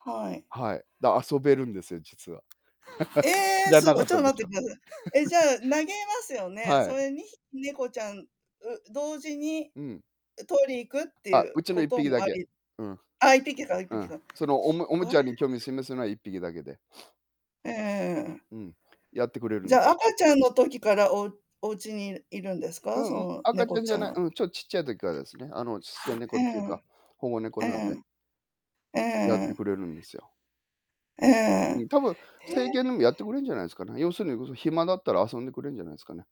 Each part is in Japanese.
はい、はい。はい。だ遊べるんですよ、実は。え知え、らすかごい、っちょったとで待っしてょ。ください。え、じゃあ、投げますよね。はそい。れ2匹、猫ちゃん、う同時にうん。う取り行くっていあ、ううちのこいっとぴきだもあけ。りうん。あ、1匹だ、いっぴうきん。だそのおもおもちゃに興味を [unintelligible] 示すのは1匹だけで。うんうんうんうん。うん、やってくれるじんゃ、赤ちゃんの時から、おお家にいるんですか？うそん、の赤ちゃ猫んじちゃゃんない。は。うん、ちょっちっちゃい時からですね。あの、ちっさい猫うっていうか、ん保護猫うなんんうで。ん。うんうやっんうん。うーてくん。れるんですよ。うーん。えうん、多分成犬え。でもやってくれるんじゃないですかね。要するにこそ暇だったら遊んでくれるんじゃないですかね。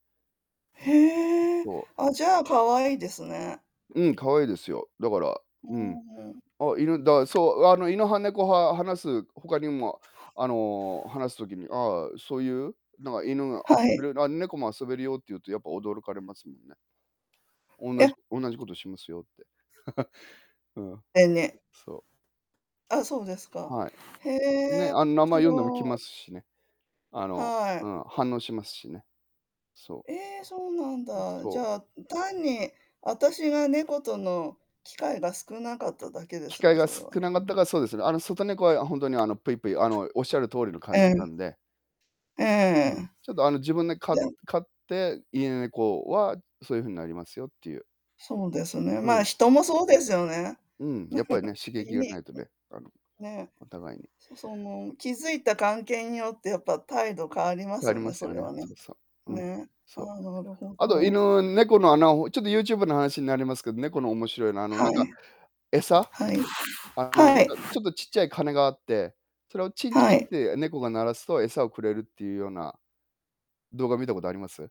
へえ、そう。あ、じゃあ、かわいいですね。うん、可愛いですよ。だから、ううん、ーん。あ、犬だそう、あの犬派猫派、話す他にもあの、話す時にああ、そういうなん犬がは遊い。べるあ、猫も遊べるよって言うとやっぱ驚かれますもんね。おんいなや。じ同じ事しますよって。うん、でね。そう。あ、そうですか。はへい。ね、え、あの名し前読んでも来ろまい。すしね。あの、はうい。ん、反応しますしね。そう。ええ、そうなんう、だ。そじう。ゃあ、単にあたしが猫との機会が少なかっただけで機す会ね、がそれ少は。なかうったん。からそうですね。あの外猫はほんとに、あの、ぷいぷい、あの、おっしゃる通りの感じうなん。んでううーん、ん。ちょっとあの自分でか [unintelligible] 飼って、家猫はそういう風になりますよっていう。そうですね。うま、ん。人もそうですよね。うん、やっぱりね、刺ユ激がなニいとね。あの、ーん、ね、お互いに。そその気づいた関係によってやっぱ態度変わりまあすりよまね、すそよれね。はね。そうそう。うん、ね。あ、そう。なるほあとど。犬猫のあなをちょっとユーチューブの話になりますけど、猫の面白いのはあのあ、はなんい。か餌はい、あの、はなんい。かちょっと、ちっちゃい鐘があって、それをチンチはンっい。て猫が鳴らすと餌をくれるっていうような動画見たことあります？